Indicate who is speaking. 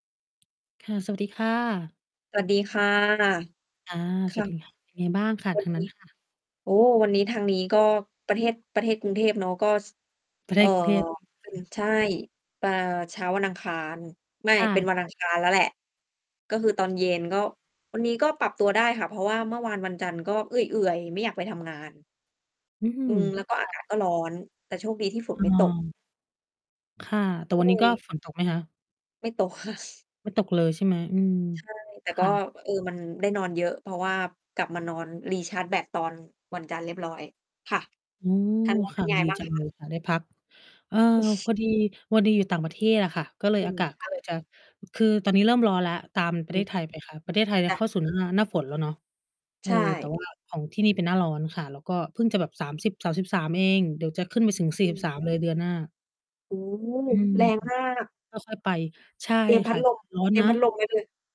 Speaker 1: ค่ะ สวัสดีค่ะ
Speaker 2: สวัสดีค่ะ
Speaker 1: อา
Speaker 2: ค
Speaker 1: ส
Speaker 2: ่
Speaker 1: วัสด
Speaker 2: ะ
Speaker 1: ี ค่ะ ยังไงบ้างค่ะ
Speaker 2: วั
Speaker 1: ท
Speaker 2: น
Speaker 1: าง
Speaker 2: น
Speaker 1: นั้
Speaker 2: ี้
Speaker 1: น ค่ะ?
Speaker 2: โอ้ วันนี้ทางนี้
Speaker 1: อ
Speaker 2: ก
Speaker 1: ือ
Speaker 2: ็
Speaker 1: ฮึ
Speaker 2: ประเทศ ประเทศกรุงเทพเนาะ ก็ ซ
Speaker 1: ประเ
Speaker 2: เ
Speaker 1: ท
Speaker 2: อ่อ
Speaker 1: ศกรุงเทพ อืม
Speaker 2: เป็
Speaker 1: ค
Speaker 2: น
Speaker 1: ่ะ
Speaker 2: ใช่ ปา เช้าวันอังคาร ไม่
Speaker 1: ค่ะ ค่
Speaker 2: เป็นวันอังคา
Speaker 1: ะ
Speaker 2: รแล้วแหละ ก็คือตอนเย็น ก็วันนี้ก็ปรับตัวได้ค่ะ เพราะว่าเมื่อวานวันจันทร์ ก็เอื่อย ๆ ไม่อยากไปทำงาน
Speaker 1: อื้อฮื
Speaker 2: อื
Speaker 1: อ
Speaker 2: ม แล้วก็
Speaker 1: ค
Speaker 2: อา
Speaker 1: ่ะ
Speaker 2: กาศก็ร้อน แต่โชคดีที่ฝน
Speaker 1: เ
Speaker 2: ไม่ตก
Speaker 1: ออ ค่ะ แต่
Speaker 2: ก็
Speaker 1: วัน
Speaker 2: เ
Speaker 1: น
Speaker 2: ล
Speaker 1: ี้ก
Speaker 2: ย
Speaker 1: ็ ฝนตกไหมคะ?
Speaker 2: ไม่ตก ค่ะ
Speaker 1: ไม่ตกเลยใช่ไหม? อืม
Speaker 2: ใช่ แต่
Speaker 1: ค
Speaker 2: ก็
Speaker 1: ่ะ
Speaker 2: เออ มันได้นอนเยอะ เพราะว่ากลับมานอน recharge แบต ตอน วันจันทร์เรียบร้อยค่ะ
Speaker 1: อืม
Speaker 2: ทางนั้นเ
Speaker 1: ค
Speaker 2: ป็
Speaker 1: ่ะ
Speaker 2: นไง
Speaker 1: ดี
Speaker 2: บ้าง
Speaker 1: จัง
Speaker 2: คะ?
Speaker 1: เลยค่ะได้พัก เออ พอดี พอดี อยู่ต่างประเทศ อะค่ะ ก็เล
Speaker 2: อ
Speaker 1: ย
Speaker 2: ื
Speaker 1: อา
Speaker 2: ม
Speaker 1: กาศ
Speaker 2: ค
Speaker 1: ก
Speaker 2: ่
Speaker 1: ็
Speaker 2: ะ
Speaker 1: เลยจะ คือ ตอนนี้เริ่มร้อนแล้ว ตามปร
Speaker 2: อ
Speaker 1: ะเ
Speaker 2: ื
Speaker 1: ท
Speaker 2: ม
Speaker 1: ศไทยไปค่ะ ประเทศไทยเนี่
Speaker 2: จ
Speaker 1: ย
Speaker 2: ้
Speaker 1: เ
Speaker 2: ะ
Speaker 1: ข้าสู่ หน้า หน้าฝนแล้วเนาะ เ
Speaker 2: ใ
Speaker 1: อ
Speaker 2: ช
Speaker 1: อ แต่
Speaker 2: ่
Speaker 1: ว่าของที่นี่เป็นหน้าร้อนค่ะ แล้วก็เพิ่งจะแบบ 30 33 เอง เดี๋ยวจะขึ้นไปสูง สี่
Speaker 2: อ
Speaker 1: สิบ
Speaker 2: ือ
Speaker 1: สาม เลยเดือนหน้า
Speaker 2: โอ้โฮ
Speaker 1: อืม
Speaker 2: แรง
Speaker 1: อือ
Speaker 2: มาก
Speaker 1: ค่อย ๆ ไป ใช่
Speaker 2: เตรียมพ
Speaker 1: ค
Speaker 2: ั
Speaker 1: ่
Speaker 2: ด
Speaker 1: ะ
Speaker 2: ล
Speaker 1: ใช่
Speaker 2: ม
Speaker 1: ร้อน
Speaker 2: เตรี
Speaker 1: น
Speaker 2: ยม
Speaker 1: ะ
Speaker 2: พัดลมไว้เลย